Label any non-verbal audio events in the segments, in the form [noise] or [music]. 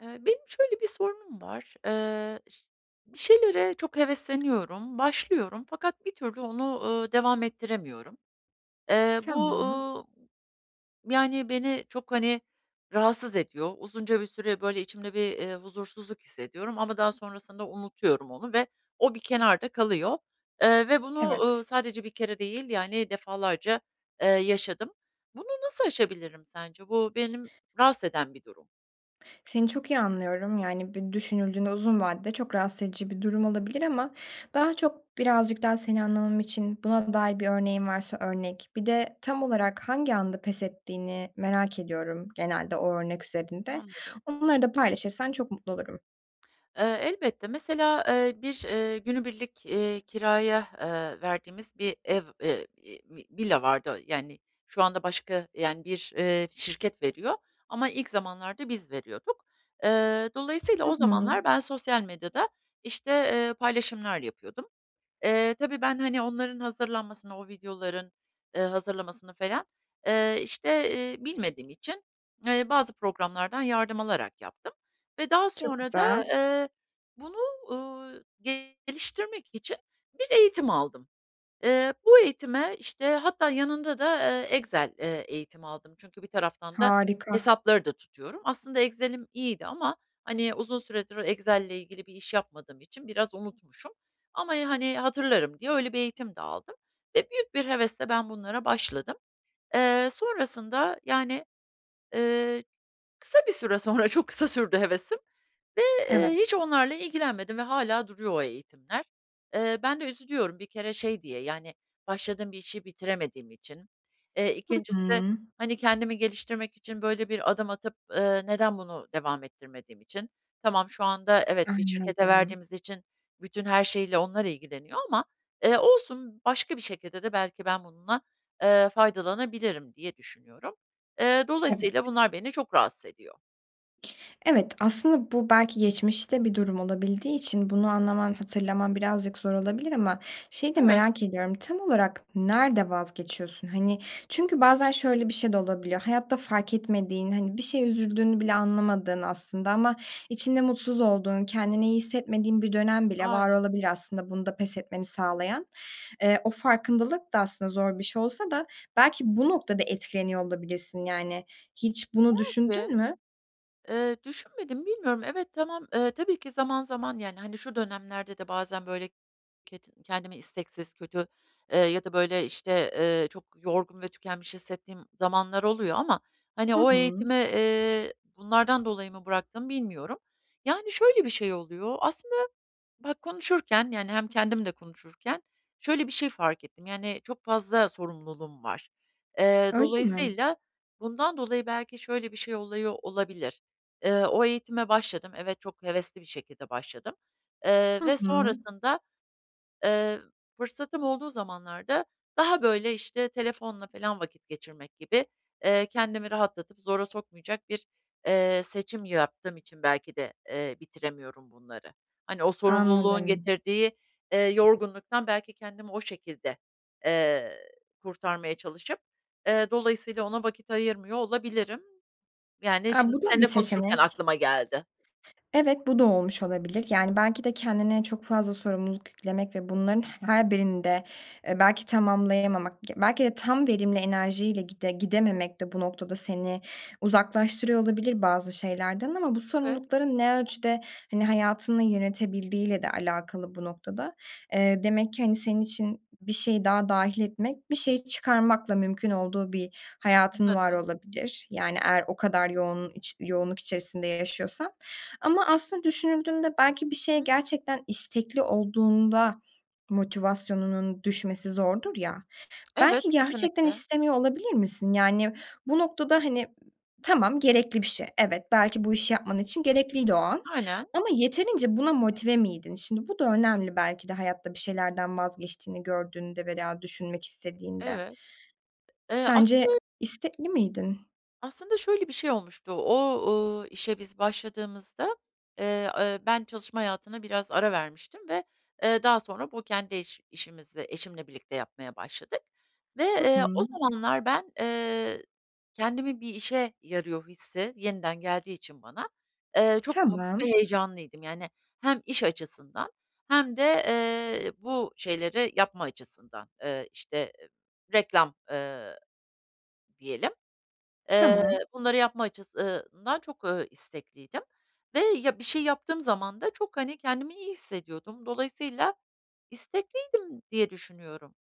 Eee, benim şöyle bir sorunum var: Iıı, bir şeylere çok hevesleniyorum, başlıyorum fakat bir türlü onu, ııı, devam ettiremiyorum. Eee, bu, Tamam. ııı, yani, beni çok, hani, rahatsız ediyor. Uzunca bir süre, böyle, içimde bir, iii, huzursuzluk hissediyorum ama daha sonrasında unutuyorum onu ve o bir kenarda kalıyor, eee, ve bunu, ııı, Evet. sadece bir kere değil, yani, defalarca, eee, yaşadım. Bunu nasıl aşabilirim sence? Bu benim rahatsız eden bir durum. Seni çok iyi anlıyorum. Yani, bir düşünüldüğünde uzun vadede çok rahatsız edici bir durum olabilir ama daha çok birazcık daha seni anlamam için buna dair bir örneğin varsa örnek, bir de tam olarak hangi anda pes ettiğini merak ediyorum genelde o örnek üzerinde. Anladım. Onları da paylaşırsan çok mutlu olurum. Iıı, elbette, mesela, ııı, bir, ııı, günübirlik, iii, kiraya, eee, verdiğimiz bir ev, eee, iii, v villa vardı. Yani, şu anda başka, yani, bir, ııı, şirket veriyor ama ilk zamanlarda biz veriyorduk. Iıı, dolayısıyla Hı o hı. zamanlar ben sosyal medyada, işte, eee, paylaşımlar yapıyordum. Eee, tabii ben, hani, onların hazırlanmasını, o videoların, ııı, hazırlamasını falan, eee, işte, iii, bilmediğim için, eee, bazı programlardan yardım alarak yaptım ve daha Çok sonra da, güzel. eee, bunu, uuu, geliştirmek için bir eğitim aldım. Iıı, bu eğitime, işte, hatta yanında da, aaa, Excel, eee, eğitimi aldım. Çünkü bir taraftan da Harika. hesapları da tutuyorum. Aslında Excel'im iyiydi ama, hani, uzun süredir Excel'le ilgili bir iş yapmadığım için biraz unutmuşum ama, e, hani, "Hatırlarım." diye öyle bir eğitim de aldım ve büyük bir hevesle ben bunlara başladım. Eee, sonrasında yani, ııı, kısa bir süre sonra, çok kısa sürdü hevesim ve, Evet. ııı, hiç onlarla ilgilenmedim ve hâlâ duruyor o eğitimler. Iıı, ben de üzülüyorum bir kere şey diye, yani, başladığım bir işi bitiremediğim için. Eee, Hı ikincisi, hı. hani, kendimi geliştirmek için böyle bir adım atıp, ııı, neden bunu devam ettirmediğim için. Tamam, şu anda evet, bir şirkete Anladım. verdiğimiz için bütün her şeyiyle onlar ilgileniyor ama, eee, olsun, başka bir şekilde de "Belki ben bununla, eee, faydalanabilirim." diye düşünüyorum. Eee, dolayısıyla Evet. bunlar beni çok rahatsız ediyor. Evet, aslında bu belki geçmişte bir durum olabildiği için bunu anlaman, hatırlaman birazcık zor olabilir ama şeyi de Evet. merak ediyorum, tam olarak nerede vazgeçiyorsun? Hani, çünkü bazen şöyle bir şey de olabiliyor, hayatta fark etmediğin, hani, bir şeye üzüldüğünü bile anlamadığın aslında ama içinde mutsuz olduğun, kendini iyi hissetmediğin bir dönem bile var Aynen. olabilir aslında bunda pes etmeni sağlayan. Eee, o farkındalık da aslında zor bir şey olsa da belki bu noktada etkileniyor olabilirsin, yani. Hiç bunu Belki. düşündün mü? Eee, düşünmedim, bilmiyorum. Evet, tamam, eee, tabii ki zaman zaman, yani, hani, şu dönemlerde de bazen, böyle, kedi kendimi isteksiz, kötü, eee, ya da, böyle, işte, eee, çok yorgun ve tükenmiş hissettiğim zamanlar oluyor ama, hani, Hı o hı. eğitimi, eee, bunlardan dolayı mı bıraktım bilmiyorum. Yani, şöyle bir şey oluyor. Aslında bak, konuşurken yani, hem kendim de konuşurken şöyle bir şey fark ettim, yani, çok fazla sorumluluğum var. Eee, Öyle mi? dolayısıyla bundan dolayı belki şöyle bir şey oluyor olabilir. Eee, o eğitime başladım. Evet, çok hevesli bir şekilde başladım. Eee, Hı ve hı. sonrasında, eee, fırsatım olduğu zamanlarda daha, böyle, işte, telefonla filan vakit geçirmek gibi, eee, kendimi rahatlatıp zora sokmayacak bir, eee, seçim yaptığım için belki de, eee, bitiremiyorum bunları. Hani, o sorumluluğun Anladım. getirdiği, eee, yorgunluktan belki kendimi o şekilde, eee, kurtarmaya çalışıp, eee, dolayısıyla ona vakit ayırmıyor olabilirim. Yani, A! şimdi Bu da bir seninle konuşurken seçenek. aklıma geldi. Evet, bu da olmuş olabilir. Yani, belki de kendine çok fazla sorumluluk yüklemek ve bunların her birini de, eee, belki tamamlayamamak, belki de tam verimli enerjiyle gide gidememek de bu noktada seni uzaklaştırıyor olabilir bazı şeylerden ama bu Evet. sorumlulukların ne ölçüde, hani, hayatını yönetebildiğiyle de alakalı bu noktada. Eee, demek ki, hani, senin için bir şeyi daha dâhil etmek bir şeyi çıkarmakla mümkün olduğu bir hayatın var Anladım. olabilir, yani eğer o kadar yoğun iç yoğunluk içerisinde yaşıyorsan. Ama aslında düşünüldüğünde belki bir şeye Hı. gerçekten istekli olduğunda motivasyonunun düşmesi zordur ya, Evet, belki gerçekten kesinlikle. istemiyor olabilir misin? Yani bu noktada, hani, tamam, gerekli bir şey, evet, belki bu işi yapman için gerekliydi o an Aynen. ama yeterince buna motive miydin? Şimdi, bu da önemli belki de hayatta bir şeylerden vazgeçtiğini gördüğünde veya düşünmek istediğinde. Evet. Eee, Sence aslı istekli miydin? Aslında şöyle bir şey olmuştu, o, ııı, işe biz başladığımızda, eee, eee, ben çalışma hayatına biraz ara vermiştim ve, eee, daha sonra bu kendi iş işimizi eşimle birlikte yapmaya başladık ve, Hı eee, o hı. zamanlar ben, eee, kendimin bir işe yarıyor hissi yeniden geldiği için bana, eee, çok mutlu Tamam. ve heyecanlıydım. Yani hem iş açısından hem de, eee, bu şeyleri yapma açısından, eee, işte, reklam, eee, diyelim. Eee, Tamam. bunları yapma açıs ııı ından, eee, çok istekliydim ve, ya, bir şey yaptığım zaman da çok, hani, kendimi iyi hissediyordum. Dolayısıyla istekliydim diye düşünüyorum.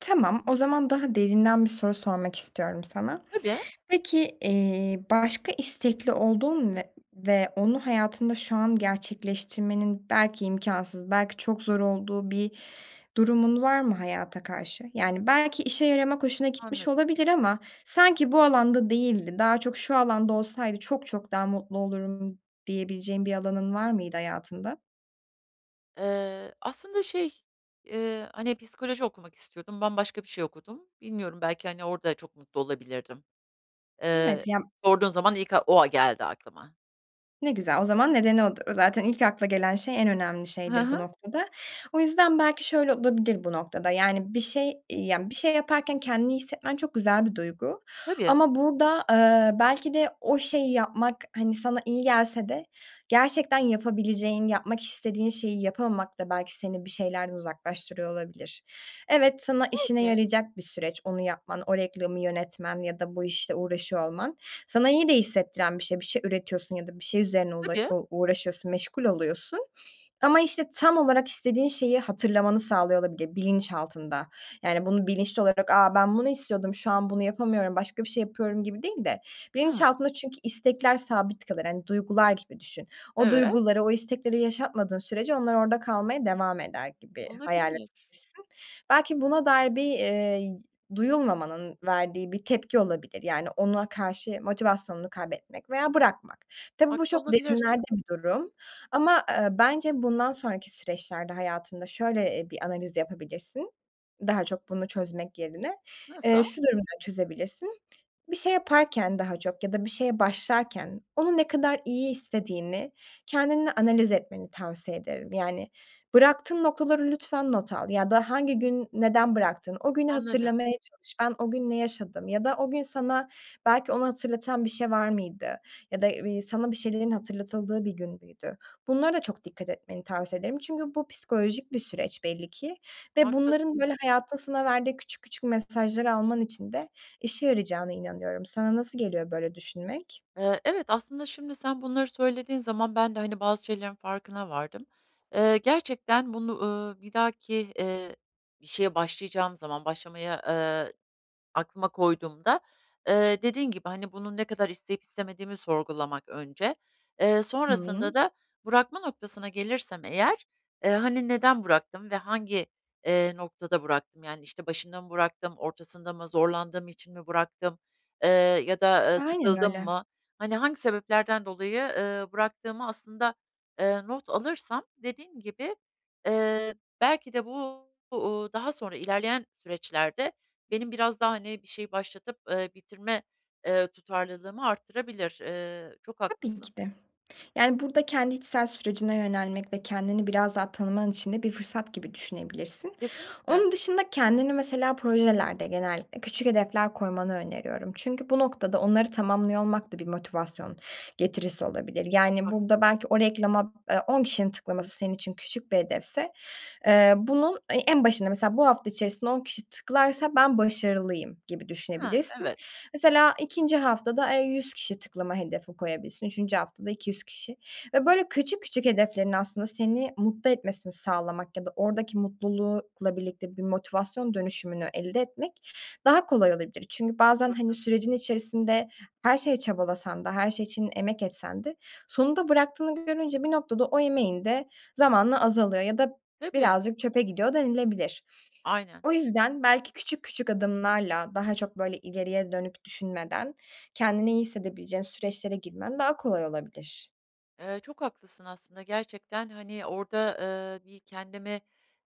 Tamam, o zaman daha derinden bir soru sormak istiyorum sana. Tabii. Peki, eee, başka istekli olduğun ve ve onu hayatında şu an gerçekleştirmenin belki imkânsız, belki çok zor olduğu bir durumun var mı hayata karşı? Yani, belki işe yaramak hoşuna gitmiş Anladım. olabilir ama sanki bu alanda değildi, daha çok şu alanda olsaydı çok çok daha mutlu olurum diyebileceğin bir alanın var mıydı hayatında? Eee, aslında şey, ııı, hani, psikoloji okumak istiyordum. Ben başka bir şey okudum. Bilmiyorum belki, hani, orada çok mutlu olabilirdim. Iıı, Evet. Ya sorduğun zaman ilk ak o a geldi aklıma. ne güzel. O zaman nedeni o dı zaten ilk akla gelen şey, en önemli Hı şeydir bu hı. noktada. O yüzden belki şöyle olabilir bu noktada: Yani, bir şey, iii, yani, bir şey yaparken kendini iyi hissetmen çok güzel bir duygu Tabii. ama burada, ııı, belki de o şeyi yapmak, hani, sana iyi gelse de gerçekten yapabileceğin, yapmak istediğin şeyi yapamamak da belki seni bir şeylerden uzaklaştırıyor olabilir. Evet, sana işine Belki. yarayacak bir süreç, onu yapman, o reklamı yönetmen ya da bu işle uğraşıyor olman sana iyi de hissettiren bir şey; bir şey üretiyorsun ya da bir şey üzerine ula Tabii. u uğraşıyorsun, meşgul oluyorsun. Ama, işte, tam olarak istediğin şeyi hatırlamanı sağlıyor olabilir bilinçaltında. Yani, bunu bilinçli olarak, "A! Ben bunu istiyordum, şu an bunu yapamıyorum, başka bir şey yapıyorum." gibi değil de Hımm. bilinçaltında çünkü istekler sabit kalır, hani, duygular gibi düşün. O Evet. duyguları, o istekleri yaşatmadığın sürece onlar orada kalmaya devam eder gibi hayal Olabilir. edebilirsin. Belki buna dair bir, iii, duyulmamanın verdiği bir tepki olabilir. Yani, ona karşı motivasyonunu kaybetmek veya bırakmak. Tabii bu Haklı çok olabilirsin. derinlerde bir durum ama, eee, bence bundan sonraki süreçlerde hayatında şöyle, eee, bir analiz yapabilirsin daha çok bunu çözmek yerine. Eee, Nasıl? şu durumda çözebilirsin. Bir şey yaparken daha çok ya da bir şeye başlarken onu ne kadar iyi istediğini kendinle analiz etmeni tavsiye ederim. Yani, bıraktığın noktaları lütfen not al ya da hangi gün neden bıraktın, o günü Anladım. hatırlamaya çalış, ben o gün ne yaşadım ya da o gün sana belki onu hatırlatan bir şey var mıydı ya da, iii, sana bir şeylerin hatırlatıldığı bir gün müydü? Bunlara da çok dikkat etmeni tavsiye ederim çünkü bu psikolojik bir süreç belli ki ve bunların, Haklısın. böyle, hayatın sana verdiği küçük küçük mesajları alman için de işe yarayacağına inanıyorum. Sana nasıl geliyor böyle düşünmek? Eee, evet, aslında şimdi sen bunları söylediğin zaman ben de, hani, bazı şeylerin farkına vardım. Eee, gerçekten bunu, ııı, bir dahaki, eee, bir şeye başlayacağım zaman, başlamayı, ııı, aklıma koyduğumda, eee, dediğin gibi, hani, bunu ne kadar isteyip istemediğimi sorgulamak önce. Eee, sonrasında Hıı. da bırakma noktasına gelirsem eğer, eee, hani, "Neden bıraktım ve hangi, eee, noktada bıraktım? Yani, işte, başında mı bıraktım, ortasında mı, zorlandığım için mi bıraktım, eee, ya da, ııı, Aynen sıkıldım öyle. mı?" Hani, hangi sebeplerden dolayı, ııı, bıraktığımı aslında, ııı, not alırsam dediğim gibi, eee, belki de bu bu, ııı, daha sonra ilerleyen süreçlerde benim biraz daha, hani, bir şeyi başlatıp, ııı, bitirme, ııı, tutarlılığımı arttırabilir. Iıı, çok Tabii haklısın. ki de. Yani, burada kendi içsel sürecine yönelmek ve kendini biraz daha tanıman için de bir fırsat gibi düşünebilirsin. Kesinlikle. Onun dışında kendini mesela projelerde genellikle küçük hedefler koymanı öneriyorum. Çünkü bu noktada onları tamamlıyor olmak da bir motivasyon getirisi olabilir. Çok Yani, burada haklısın. belki o reklama, eee, 10 kişinin tıklaması senin için küçük bir hedefse, eee, bunun e en başında mesela bu hafta içerisinde 10 kişi tıklarsa, "Ben başarılıyım." gibi He, düşünebilirsin. evet. Mesela 2'nci haftada, eee, 100 kişi tıklama hedefi koyabilirsin. 3'üncü haftada 200 kişi ve, böyle, küçük küçük hedeflerin aslında seni mutlu etmesini sağlamak ya da oradaki mutlulukla birlikte bir motivasyon dönüşümünü elde etmek daha kolay olabilir. Çünkü Çok bazen, hani, haklısın. sürecin içerisinde her şeye çabalasan da, her şey için emek etsen de sonunda bıraktığını görünce bir noktada o emeğin de zamanla azalıyor ya da Tabii. birazcık çöpe gidiyor denilebilir. Aynen. O yüzden belki küçük küçük adımlarla, daha çok, böyle, ileriye dönük düşünmeden kendini iyi hissedebileceğin süreçlere girmen daha kolay olabilir. Eee, çok haklısın aslında. Gerçekten, hani, orada, eee, bir kendimi,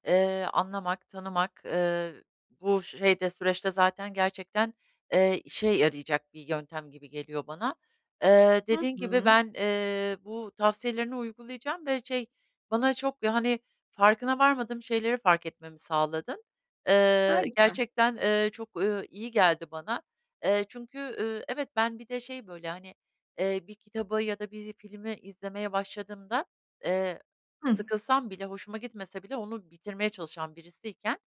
eee, anlamak, tanımak, eee, bu şeyde, süreçte zaten gerçekten, eee, işe yarayacak bir yöntem gibi geliyor bana. Eee, Hı dediğin gibi hı. ben, eee, bu tavsiyelerini uygulayacağım ve şey, bana çok yani, farkına varmadığım şeyleri fark etmemi sağladın. Eee, Harika. gerçekten, eee, çok, ööö, iyi geldi bana. Eee, çünkü, ııı, evet, ben bir de şey, böyle, hani, eee, bir kitabı ya da bir filmi izlemeye başladığımda, eee, Hıh. sıkılsam bile, hoşuma gitmese bile onu bitirmeye çalışan birisiyken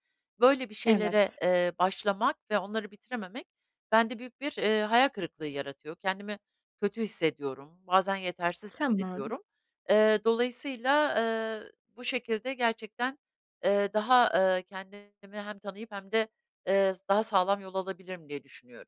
böyle bir şeylere, Evet. eee, başlamak ve onları bitirememek bende büyük bir, eee, hayal kırıklığı yaratıyor. Kendimi kötü hissediyorum. Bazen yetersiz Tamam. hissediyorum. Eee, dolayısıyla, eee, bu şekilde gerçekten, eee, daha, eee, kendimi hem tanıyıp hem de, eee, s daha sağlam yol alabilirim diye düşünüyorum.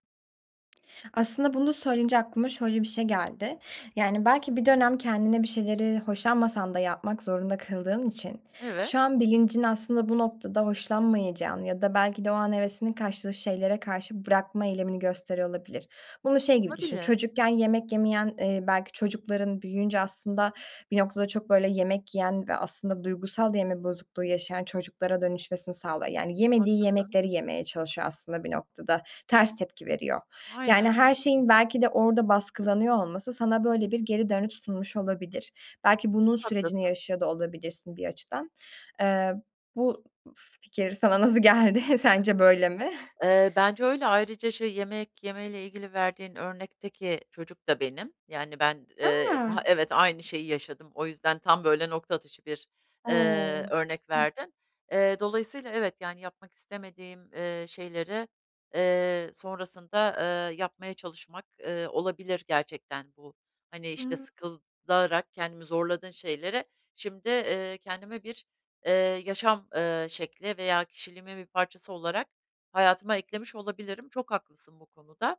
Aslında bunu söyleyince aklıma şöyle bir şey geldi. Yani, belki bir dönem kendini bir şeyleri hoşlanmasan da yapmak zorunda kıldığın için Evet. şu an bilincin aslında bu noktada hoşlanmayacağını ya da belki de o an hevesinin kaçtığı şeylere karşı bırakma eylemini gösteriyor olabilir. Bunu şey gibi düşün, Olabilir. çocukken yemek yemeyen, eee, belki çocukların büyüyünce aslında bir noktada çok, böyle, yemek yiyen ve aslında duygusal da yeme bozukluğu yaşayan çocuklara dönüşmesini sağlıyor. Yani, yemediği Haklısın. yemekleri yemeye çalışıyor aslında bir noktada. Ters tepki veriyor. Aynen. Yani her şeyin belki de orada baskılanıyor olması sana böyle bir geri dönüş sunmuş olabilir. Belki bunun Çok sürecini haklısın. yaşıyor da olabilirsin bir açıdan. Eee, bu s fikir sana nasıl geldi? [chuckles] Sence böyle mi? Eee, bence öyle. Ayrıca şey, yemek yemeyle ilgili verdiğin örnekteki çocuk da benim. Yani, ben, eee, A! daha Evet, aynı şeyi yaşadım. O yüzden tam, böyle, nokta atışı bir, eee, O! örnek Hıh. verdin. Eee, dolayısıyla evet, yani, yapmak istemediğim, eee, şeyleri, eee, sonrasında, ııı, yapmaya çalışmak, ııı, olabilir gerçekten bu. Hani, işte, Hıı. sıkılarak kendimi zorladığın şeylere şimdi, eee, kendime bir, eee, yaşam, eee, şekli veya kişiliğimin bir parçası olarak hayatıma eklemiş olabilirim. Çok haklısın bu konuda.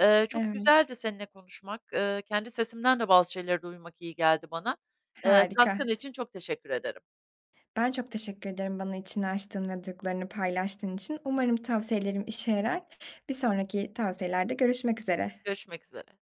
Eee, çok Evet. güzeldi seninle konuşmak. Eee, kendi sesimden de bazı şeyleri duymak iyi geldi bana. Eee, Harika. katkın için çok teşekkür ederim. Ben çok teşekkür ederim bana içini açtığın ve duygularını paylaştığın için. Umarım tavsiyelerim işe yarar. Bir sonraki tavsiyelerde görüşmek üzere. Görüşmek üzere.